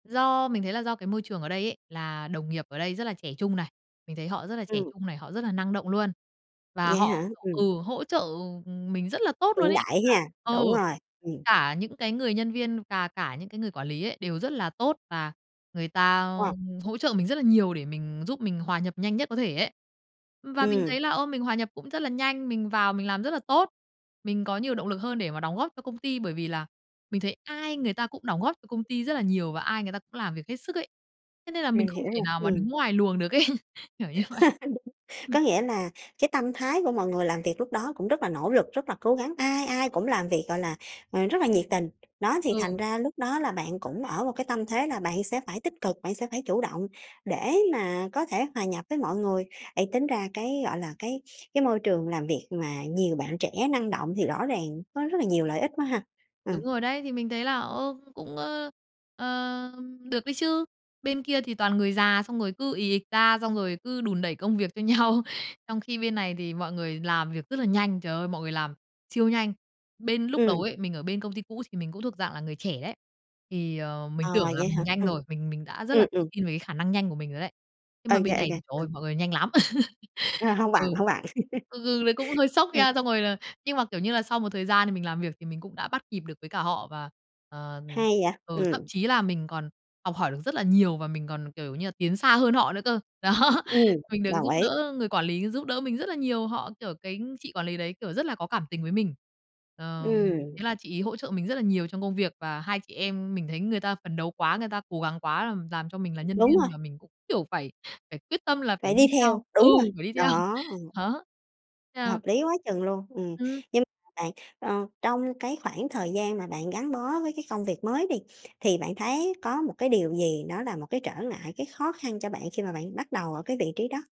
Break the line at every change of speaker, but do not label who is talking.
Do mình thấy là do cái môi trường ở đây ấy, là đồng nghiệp ở đây rất là trẻ trung này, mình thấy họ rất là trẻ
Ừm.
trung này, họ rất là năng động luôn, và
Vậy
họ
hả? Ừm.
ừ, hỗ trợ, ừm, mình rất là tốt luôn
Hiện
ấy.
đại ha!
Ờ,
Đúng rồi, ừm.
cả những cái người nhân viên và cả những cái người quản lý ấy, đều rất là tốt và người ta
Wow.
hỗ trợ mình rất là nhiều để mình giúp mình hòa nhập nhanh nhất có thể ấy. Và mình
Ừm.
thấy là, ơ, mình hòa nhập cũng rất là nhanh, mình vào mình làm rất là tốt. Mình có nhiều động lực hơn để mà đóng góp cho công ty bởi vì là mình thấy ai người ta cũng đóng góp cho công ty rất là nhiều, và ai người ta cũng làm việc hết sức ấy, thế nên là mình
Mình hiểu
không thể
rồi!
nào mà
Ừm.
đứng ngoài luồng được ấy. Kiểu như vậy.
Đ
Ừm.
có nghĩa là cái tâm thái của mọi người làm việc lúc đó cũng rất là nỗ lực, rất là cố gắng, ai ai cũng làm việc, gọi là, ờ, rất là nhiệt tình, đó, thì
Ừ.
thành ra lúc đó là bạn cũng ở một cái tâm thế là bạn sẽ phải tích cực, bạn sẽ phải chủ động để mà có thể hòa nhập với mọi người. Ê, tính ra cái, gọi là, cái cái môi trường làm việc mà nhiều bạn trẻ năng động thì rõ ràng có rất là nhiều lợi ích quá ha. Ờ.
Đúng rồi đấy, thì mình thấy là, ơ, cũng cũng, ơ, ờm, được đấy chứ. Bên kia thì toàn người già xong rồi ì ịch ra, xong rồi cứ đùn đẩy công việc cho nhau, trong khi bên này thì mọi người làm việc rất là nhanh, trời ơi, mọi người làm siêu nhanh. Bên lúc đầu
Ừm.
ấy, mình ở bên công ty cũ thì mình cũng thuộc dạng là người trẻ đấy, thì, ờ, mình
À,
tưởng là
vậy
mình
hả?
nhanh
Ừm.
rồi, mình mình đã rất là
Ừm,
tự
ừm.
tin về cái khả năng nhanh của mình rồi đấy. Nhưng mà bên
Okay.
này
Okay,
thì, trời ơi,
ừm.
mọi người nhanh lắm.
À, hông
Ừ.
bạn, hông bạn.
Ừ, ừ, đấy, cũng hơi sốc
Ừm.
nha, xong rồi là nhưng mà, kiểu như là, sau một thời gian thì mình làm việc thì mình cũng đã bắt kịp được với cả họ, và, ờm,
Hay vậy.
ừ, thậm
Ừm.
chí là mình còn học hỏi được rất là nhiều, và mình còn, kiểu như là, tiến xa hơn họ nữa cơ. Đó.
Ừm,
Mình được
đồng
giúp
ý!
đỡ, người quản lý giúp đỡ mình rất là nhiều, họ, kiểu, cái chị quản lý đấy, kiểu, rất là có cảm tình với mình. Ờm,
Ừm.
thế là chị ấy hỗ trợ mình rất là nhiều trong công việc, và hai chị em mình thấy người ta phấn đấu quá, người ta cố gắng quá làm làm cho mình là nhân
Đúng
viên
rồi.
mà mình cũng, kiểu, phải phải quyết tâm là phải
Phải
đi
đi
theo.
theo,
Ừ,
đúng rồi,
phải đi theo.
đó, ừm.
Đó. Nên là
Hợp lý quá chừng luôn. Ừm,
Ừm.
nhưng mà bạn, ờ, trong cái khoảng thời gian mà bạn gắn bó với cái công việc mới đi, thì bạn thấy có một cái điều gì đó là một cái trở ngại, cái khó khăn cho bạn khi mà bạn bắt đầu ở cái vị trí đó?